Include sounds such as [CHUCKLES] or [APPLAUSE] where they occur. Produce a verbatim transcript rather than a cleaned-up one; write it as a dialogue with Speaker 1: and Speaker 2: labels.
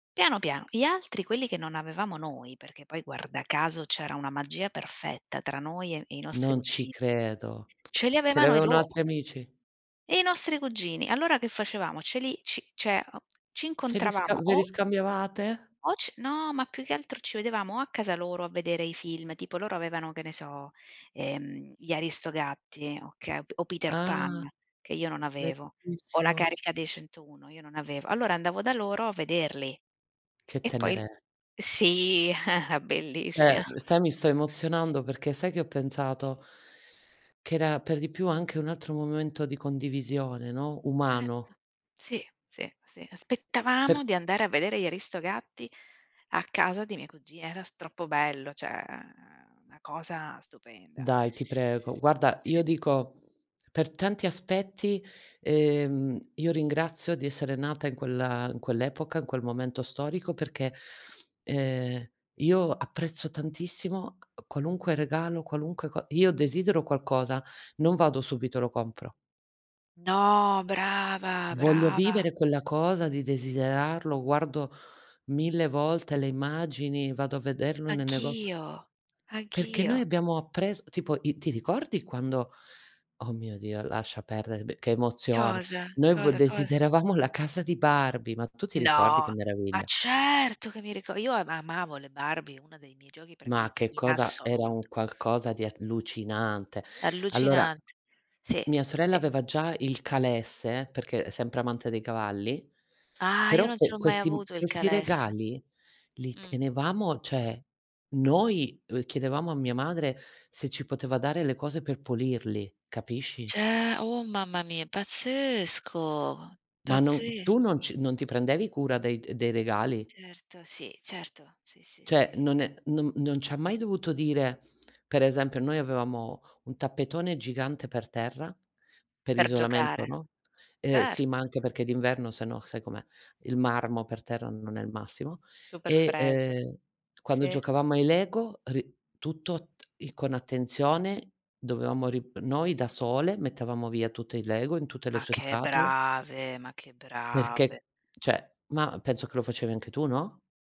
Speaker 1: Piano, piano. Gli altri, quelli che non avevamo noi, perché poi, guarda caso, c'era una magia perfetta tra noi e e i nostri
Speaker 2: Non ci
Speaker 1: cugi
Speaker 2: credo.
Speaker 1: ce li
Speaker 2: [SMACKS LIPS] Ce li
Speaker 1: avevano i
Speaker 2: avevano
Speaker 1: loro.
Speaker 2: altri amici?
Speaker 1: I nostri cugini allora, che facevamo, ce li ci ceh, uhm, ci
Speaker 2: Ce li sca
Speaker 1: incontravamo
Speaker 2: ve li
Speaker 1: o
Speaker 2: scambiavate?
Speaker 1: o c no, ma, più che altro, ci vedevamo o a casa loro a vedere i film tipo, loro avevano, che ne so, ehm, gli Aristogatti, okay, o p Peter Pan,
Speaker 2: Ah.
Speaker 1: che io non avevo, o La
Speaker 2: Bellissimo.
Speaker 1: Carica Dei centouno, io non avevo, allora andavo da loro a vederli,
Speaker 2: Che
Speaker 1: e poi il
Speaker 2: tenere
Speaker 1: sì, [CHUCKLES]
Speaker 2: Eh,
Speaker 1: bellissima.
Speaker 2: m sai mi sto emozionando. Perché sai che ho pensato? Che era, per di più, anche un altro momento di condivisione, no,
Speaker 1: Certo.
Speaker 2: umano.
Speaker 1: Sì, sì, sì.
Speaker 2: Per
Speaker 1: Aspettavamo di andare a vedere gli Aristogatti a casa dei miei cugi era s troppo bello, ceh, una cosa stupenda.
Speaker 2: Dai, ti prego. Guarda,
Speaker 1: Sì.
Speaker 2: io dico, per tanti aspetti, ehm, io ringrazio di essere nata in quella in quell'epoca, in quel momento storico, perché, ehm, io apprezzo tantissimo a qualunque regalo, qualunque co io desidero qualcosa, non vado subito e lo compro.
Speaker 1: No, brava,
Speaker 2: Voglio
Speaker 1: brava.
Speaker 2: vivere quella cosa di desiderarlo. Guardo mille volte le immagini, vado a vederlo nel nego
Speaker 1: Anch'io,
Speaker 2: Perché noi
Speaker 1: anch'io.
Speaker 2: abbiamo appres tipo, i ti ricordi quando oh mio Dio, lascia perdere, be che emozione.
Speaker 1: Cosa?
Speaker 2: Noi v
Speaker 1: Cosa, cosa?
Speaker 2: desideravamo la casa di Barbie. Ma tu ti ricordi che
Speaker 1: No. Ma
Speaker 2: meraviglia?
Speaker 1: certo che mi rico io ama amavo le Barbie, una dei miei giochi
Speaker 2: Ma
Speaker 1: preferiti
Speaker 2: che
Speaker 1: in
Speaker 2: cosa era
Speaker 1: assoluto.
Speaker 2: un qualcosa di allucinante. Allora,
Speaker 1: Allucinante. Sì,
Speaker 2: mia sorella
Speaker 1: sì.
Speaker 2: aveva già il calesse, perché, uhm, sempre amante dei cavalli,
Speaker 1: Ah, io
Speaker 2: però
Speaker 1: non ce
Speaker 2: que
Speaker 1: l'ho mai
Speaker 2: questi m
Speaker 1: avuto il
Speaker 2: questi
Speaker 1: calesse.
Speaker 2: regali li
Speaker 1: Mh.
Speaker 2: tenevamo, ceh noi v chiedevamo a mia madre se ci poteva dare le cose per pulirli, capisci?
Speaker 1: Ce oh, mamma mia, è pazzesco,
Speaker 2: Ma non
Speaker 1: pazze
Speaker 2: tu non ci non ti prendevi cura dei d dei regali?
Speaker 1: Certo, sì, certo, sì, sì, sì,
Speaker 2: Ceh,
Speaker 1: sì,
Speaker 2: non
Speaker 1: sì.
Speaker 2: è non non ci ha mai dovuto dire per esempio, noi avevamo un tappetone gigante per terra, per
Speaker 1: Per
Speaker 2: isolamento,
Speaker 1: giocare.
Speaker 2: no e sì, ma
Speaker 1: Certo.
Speaker 2: anche perché d'inverno sennò, sai com'è, Il marmo per terra non è il massimo.
Speaker 1: Super
Speaker 2: E,
Speaker 1: Fred.
Speaker 2: ehm, quando
Speaker 1: Sì.
Speaker 2: giocavamo ai LEGO, ri tutto t il con attenzione dovevamo ri noi, da sole, mettevamo via tutto il LEGO, in tutte le
Speaker 1: Ma
Speaker 2: sue
Speaker 1: che
Speaker 2: scatole
Speaker 1: brave, ma che brave.
Speaker 2: perché, ceh mah, penso che lo facevi anche tu, no?